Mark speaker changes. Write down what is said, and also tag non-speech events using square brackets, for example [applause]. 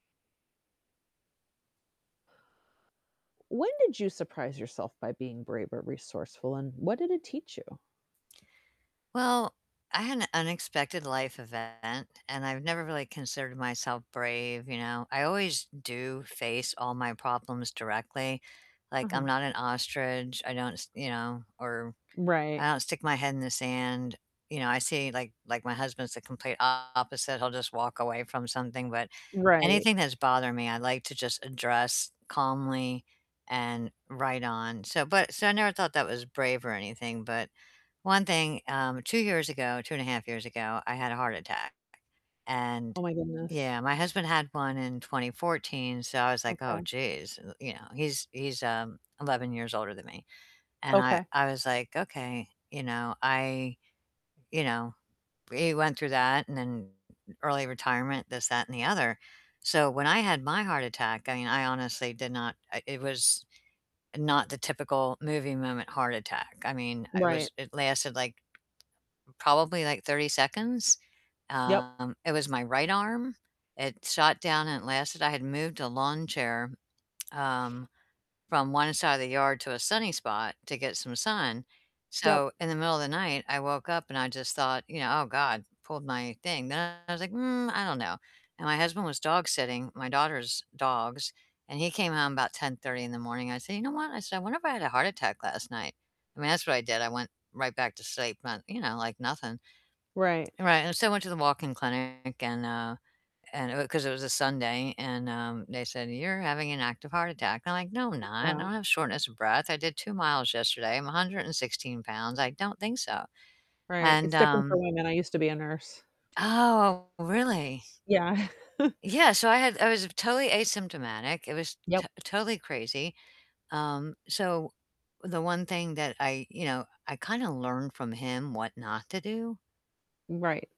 Speaker 1: When did you surprise yourself by being brave or resourceful, and what did it teach you?
Speaker 2: Well, I had an unexpected life event, and I've never really considered myself brave, you know, I always do face all my problems directly, like, I'm
Speaker 1: Uh-huh.
Speaker 2: not an ostrich, I don't s you know, or
Speaker 1: Right.
Speaker 2: I don't stick my head in the sand, you know, I see like like, my husband's the complete opposite, he'll just walk away from something, but
Speaker 1: Right.
Speaker 2: anything that's bothering me, I like to just address calmly and right on. So, but so I never thought that was brave or anything, but one thing, um, 2 years ago, 2 1/2 years ago, I had a heart attack, and
Speaker 1: Oh my goodness.
Speaker 2: Yeah, my husband had one in 2014, so I was like, "Oh,
Speaker 1: Okay.
Speaker 2: geez," y you know, he's he's, um, 11 years older than me. And I
Speaker 1: Okay.
Speaker 2: I was, like, "Okay, you know, I" You know, we went through that and then early retirement, this, that, and the other, so when I had my heart attack, I mean, I honestly did not I it was not the typical movie moment heart attack, I mean, it
Speaker 1: Right.
Speaker 2: was it lasted, like, probably, like, 30 seconds.
Speaker 1: Yep.
Speaker 2: Um, it was my right arm, it shot down and it lasted I had moved a lawn chair, um, from one side of the yard to a sunny spot to get some sun,
Speaker 1: Yep.
Speaker 2: so in the middle of the night, I woke up and I just thought, you know, "Oh, god, pulled my thing," then I was like, "Mm, I don't know." And my husband was dog-sitting my daughter's dogs, and he came home about 10:30 in the morning. I said, "You know what?" I said, "I wonder if I had a heart attack last night." I mean, that's what I did. I went right back to sleep and, you know, like nothing.
Speaker 1: Right.
Speaker 2: And, right, and so I went to the walk-in clinic and, uh and it w 'cause it was a Sunday, and, um, they said, "You're having an active heart attack." And I'm like, "No, I'm not, I
Speaker 1: Wow.
Speaker 2: don't have shortness of breath, I did 2 miles yesterday, I'm 116 pounds, I don't think so."
Speaker 1: Right,
Speaker 2: And,
Speaker 1: it's different for
Speaker 2: um
Speaker 1: women, I used to be a nurse.
Speaker 2: Oh, really?
Speaker 1: Yeah. [chuckles]
Speaker 2: Yeah. so I had I was totally asymptomatic, it was t
Speaker 1: Yep.
Speaker 2: totally crazy. Um, so, the one thing that I you know, I kinda learned from him what not to do
Speaker 1: Mm, right.